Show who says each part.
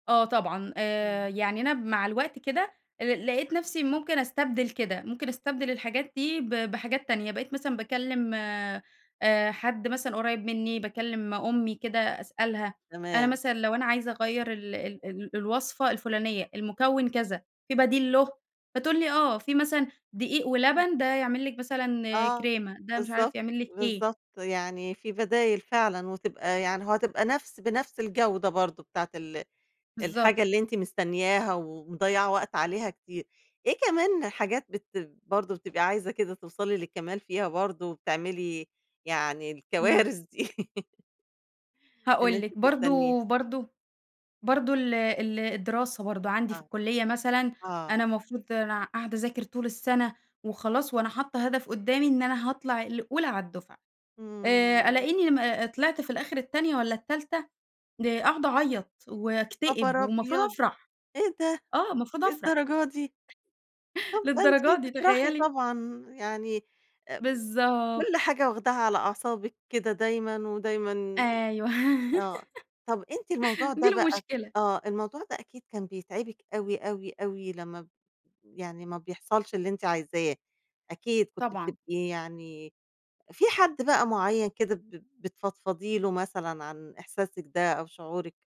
Speaker 1: آه طبعًا، آآ،
Speaker 2: إمم.
Speaker 1: يعني أنا مع الوقت كده آآ، لقيت نفْسي ممكن أستبدِل كده، ممكن أستبدِل الحاجات دي ب بحاجات تانية، بقيت مثلًا باكلّم آآ حد مثلًا قريّب منّي، باكلّم أمي كده أسألها، أنا
Speaker 2: تمام.
Speaker 1: مثلًا لو أنا عايزة أغيّر ال ال ال الوصفة الفلانية، المُكوِّن كذا في بديل له، فتقول لي: "آه، في مثلًا دقيق
Speaker 2: إمم.
Speaker 1: ولبن ده يعمل لك مثلًا
Speaker 2: آه.
Speaker 1: كريمة، ده مش عارف،
Speaker 2: بالضبط،
Speaker 1: يعمل لك إيه."
Speaker 2: بالضبط، يعني في بدايل فعلًا وتبقى يعني وهتبقى نفس بنفس الجودة برضه بتاعة ال
Speaker 1: بالضبط.
Speaker 2: الحاجة اللي أنتِ مستنياها ومضيعة وقت عليها كتير. إيه كمان حاجات بت برضه بتبقى عايزة كده توصَلي للكمال فيها برضه، وبتعملي يعني
Speaker 1: امم.
Speaker 2: الكوارث دي؟ إن
Speaker 1: هاقول
Speaker 2: أنتِ
Speaker 1: لِك،
Speaker 2: تستنيه.
Speaker 1: برضه برضه برضه ال ال الدراسة برضه عَندي في
Speaker 2: آه،
Speaker 1: الكُلّية مثلًا،
Speaker 2: آه.
Speaker 1: أنا المفروض أنا قاعدة أذاكر طول السَّنة وخلاص، وأنا حاطّة هدَف قُدّامي إن أنا هاطلَع الأولى على الدُّفعة، آآ،
Speaker 2: امم.
Speaker 1: ألاقيني م أ أ طلِعت في الآخِر التانية والّا التالتة آآ، قاعدة أعيّط
Speaker 2: يا
Speaker 1: وأكتئب
Speaker 2: خبر
Speaker 1: والمفروض
Speaker 2: أبيض!
Speaker 1: أفرَح،
Speaker 2: إيه ده،
Speaker 1: آه، المفروض أفرَح.
Speaker 2: للدرجة دي؟! طَب ده
Speaker 1: للدرجة
Speaker 2: أنتِ
Speaker 1: دي،
Speaker 2: تفرَحي
Speaker 1: تخيّلي!
Speaker 2: طبعًا، يعني امم،
Speaker 1: بالضبط
Speaker 2: كلّ حاجة واخداها على أعصابِك كده دايمًا ودايمًا
Speaker 1: أيوه
Speaker 2: آه، طَب أنتِ الموضوع
Speaker 1: دي
Speaker 2: ده بقى
Speaker 1: المشكلة.
Speaker 2: آه، الموضوع ده أكيد كان بيتعِبِك أوي، أوي، أوي لمّا يعني ما بيحصَلش اللي أنتِ عايزاه، أكيد، كنتِ
Speaker 1: طبعًا
Speaker 2: بتبقي يعني في حد بقى معيّن كده ب بتفضفضي له مثلًا عن إحساسِك ده أو شعورِك؟